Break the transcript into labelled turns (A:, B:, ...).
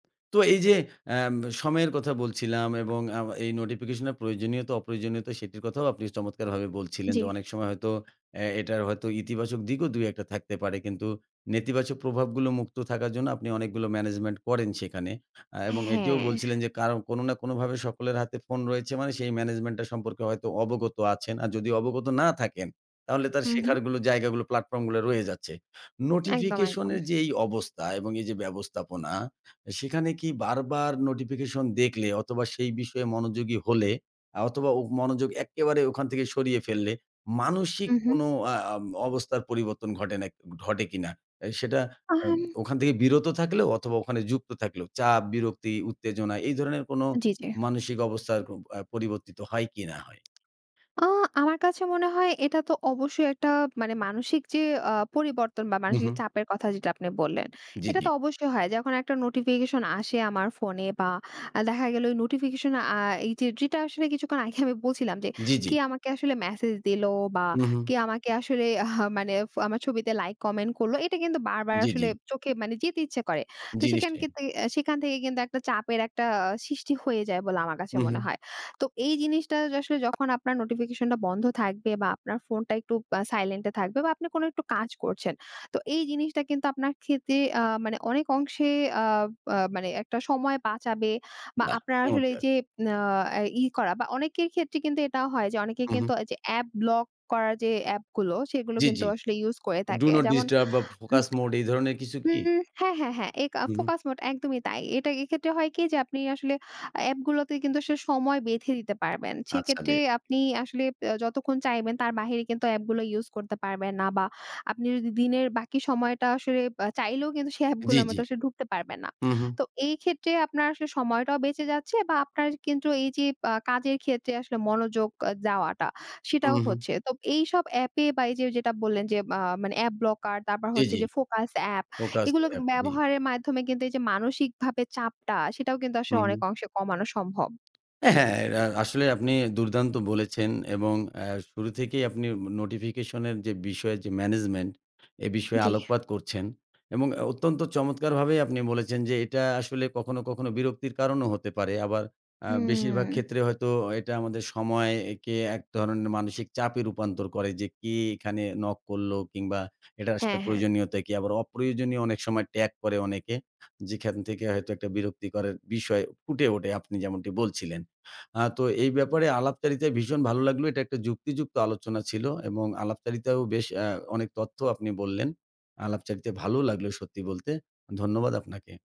A: তো এই যে, অ্যাম সময়ের কথা বলছিলাম এবং আ আউ এই নোটিফিকেশন এর প্রয়োজনীয়তা, অপ্রয়োজনীয়তা সেটির কথাও আপনি চমৎকারভাবে বলছিলেন যে,
B: জ্বি।
A: অনেক সময় হয়তো অ্যা এটার হয়তো ইতিবাচক দিকও ২-১ টা থাকতে পারে। কিন্তু নেতিবাচক প্রভাবগুলো মুক্ত থাকার জন্য আপনি অনেকগুলো management করেন সেখানে। আ
B: অ্যা
A: এবং এটিও বলছিলেন,
B: হ্যাঁ।
A: যে, কারো কোন না কোনভাবে সকলের হাতে ফোন রয়েছে মানে সেই management টা সম্পর্কে হয়তো অবগত আছেন। আর যদি অবগত না থাকেন তাহলে তার
B: হু, হুম।
A: শেখারগুলো জায়গাগুলো প্লাটফর্ম গুলা রয়েছে।
B: একদম,
A: নোটিফিকেশন
B: একদম।
A: এর যে, এই অবস্থা এবং এই যে, ব্যবস্থাপনা, সেখানে কি বারবার নোটিফিকেশন দেখলে অথবা সেই বিষয়ে মনোযোগী হলে অথবা ওগ মনোযোগ একেবারে ওখান থেকে সরিয়ে ফেললে, মানসিক
B: উহু।
A: কোনো আ আম অবস্থার পরিবর্তন ঘটে না, ঘটে কিনা? অ্যা সেটা
B: আ
A: এম
B: হুাম
A: ওখান থেকে বিরত থাকলেও অথবা ওখানে যুক্ত থাকলেও চাপ, বিরক্তি, উত্তেজনা এই ধরনের কোন
B: জ্বী, জ্বী।
A: মানসিক অবস্থার আ পরিবর্তিত হয় কিনা হয়?
B: আ আমার কাছে মনে হয় এটা তো অবশ্যই একটা মানে মানসিক যে, আ পরিবর্তন বা মানসিক
A: উহু।
B: চাপের কথা যেটা আপনি বললেন।
A: জ্বি,
B: এটা
A: জ্বি।
B: তো অবশ্যই হয়। যখন একটা নোটিফিকেশন আসে আমার ফোনে বা অ্যা দেখা গেল নোটিফিকেশন আ এইযে যেটা আসলে কিছুক্ষণ আগে আমি বলছিলাম, যে,
A: জ্বি, জ্বি।
B: কে আমাকে আসলে মেসেজ দিল বা
A: উহু।
B: কে আমাকে আসলে আহ মানে ফ আমার ছবিতে লাইক, কমেন্ট করল এটা কিন্তু বারবার
A: জ্বি,
B: আসলে
A: জ্বি।
B: চোখে মানে যেতে ইচ্ছা করে। তো সেখান
A: জিনিসটে।
B: থেকে অ্যা সেখান থেকে কিন্তু একটা চাপের একটা আ সৃষ্টি হয়ে যায় বলে আমার কাছে মনে
A: উহু।
B: হয়। তো এই জিনিসটা য আসলে যখন আপনার নোটিফিকেশনটা বন্ধ থাকবে বা আপনার ফোনটা একটু বা সাইলেন্ট এ থাকবে বা আপনি কোনো একটু কাজ করছেন। তো এই জিনিসটা কিন্তু আপনার খেতে আ মানে অনেক অংশে আ বা মানে একটা সময় বাঁচাবে বা
A: বাহ!
B: আপনার আসলে এই
A: চমৎকার।
B: যে, ন এই, ই করা বা অনেকের ক্ষেত্রে কিন্তু এটাও হয় যে, অনেকে কিন্তু
A: উহু।
B: ওইযে অ্যাপ ব্লক করার যে, অ্যাপগুলো সেগুলো
A: জ্বী,
B: কিন্তু
A: জ্বী,
B: আসলে ইউজ করে
A: ডু
B: থাকে
A: নট
B: যেমন
A: ডিস্টার্ব বা
B: উম
A: ফোকাস মোড এই ধরনের কিছু কি?
B: হুম, হ্যাঁ, হ্যাঁ, হ্যাঁ, এ কা
A: হু, হুম।
B: ফোকাস মোড একদমই তাই। এটাই এক্ষেত্রে হয় কি যে, আপনি আসলে অ্যাপগুলাতে কিন্তু আসলে সময় বেঁধে দিতে পারবেন
A: আচ্ছা
B: সেক্ষেত্রে
A: বেশ।
B: আপনি আসলে অ্যা যতক্ষণ চাইবেন তার বাইরে কিন্তু অ্যাপগুলো ইউজ করতে পারবেন না বা আপনি যদি দিনের বাকি সময়টা আসলে বা চাইলেও কিন্তু সেই
A: জ্বি,
B: অ্যাপগুলার মতো
A: জ্বি।
B: আসলে ঢুকতে পারবেন না।
A: হু, হুম।
B: তো এই ক্ষেত্রে আপনার আসলে সময়টাও বেঁচে যাচ্ছে বা আপনার কিন্তু এই যে, পা কাজের ক্ষেত্রে আসলে মনোযোগ আ যাওয়াটা সেটাও
A: উহু।
B: হচ্ছে তো এইসব অ্যাপে বা এই যে, যেটা বললেন, যে, মা মানে অ্যাপ ব্লকার তারপর
A: জ্বি,
B: হচ্ছে,
A: জ্বি।
B: যে, ফোকাস অ্যাপ
A: ফোকাস
B: এগুলোকে
A: অ্যাপ, জি।
B: ব্যবহারের মাধ্যমে কিন্তু এই যে, মানসিকভাবে চাপটা সেটাও কিন্তু আসলে
A: হু,
B: অনেক
A: হুম।
B: অংশে কমানো সম্ভব।
A: অ্যা হ্যাঁ, হ্যাঁ, রা আসলেই আপনি দুর্দান্ত বলেছেন, এবং আ শুরু থেকেই আপনি মু নোটিফিকেশন এর যে, বিষয়ের যে, ম্যানেজমেন্ট এ বিষয়ে
B: জ্বী।
A: আলোকপাত করছেন। এবং অ অত্যন্ত চমৎকার ভাবেই আপনি বলেছেন, যে, এটা আসলে কখনো, কখনো বিরক্তির কারণও হতে পারে। আবার আ বেশিরভাগ
B: উম
A: ক্ষেত্রে হয়তো এটা আমাদের সময়কে একে এক ধরনের মানসিক চাপে রূপান্তর করে, যে, কি এখানে নক করল, কিংবা এটা আসলে
B: হ্যাঁ, হ্যাঁ।
A: প্রয়োজনীয়তা কি আবার অপ্রয়োজনীয় অনেক সময় ট্যাগ করে অনেকে। যেখান থেকে হয়তো একটা বিরক্তিকর বিষয় ফুটে ওঠে আপনি যেমনটি বলছিলেন। আ তো এই ব্যাপারে আলাপচারিতায় ভীষণ ভালো লাগলো। এটা একটা যুক্তিযুক্ত আলোচনা ছিল। এবং আলাপচারিতায়ও বেশ অ্যা অনেক তথ্য আপনি বললেন। আলাপচারিতায় ভালোও লাগলো সত্যি বলতে। ধন্যবাদ আপনাকে।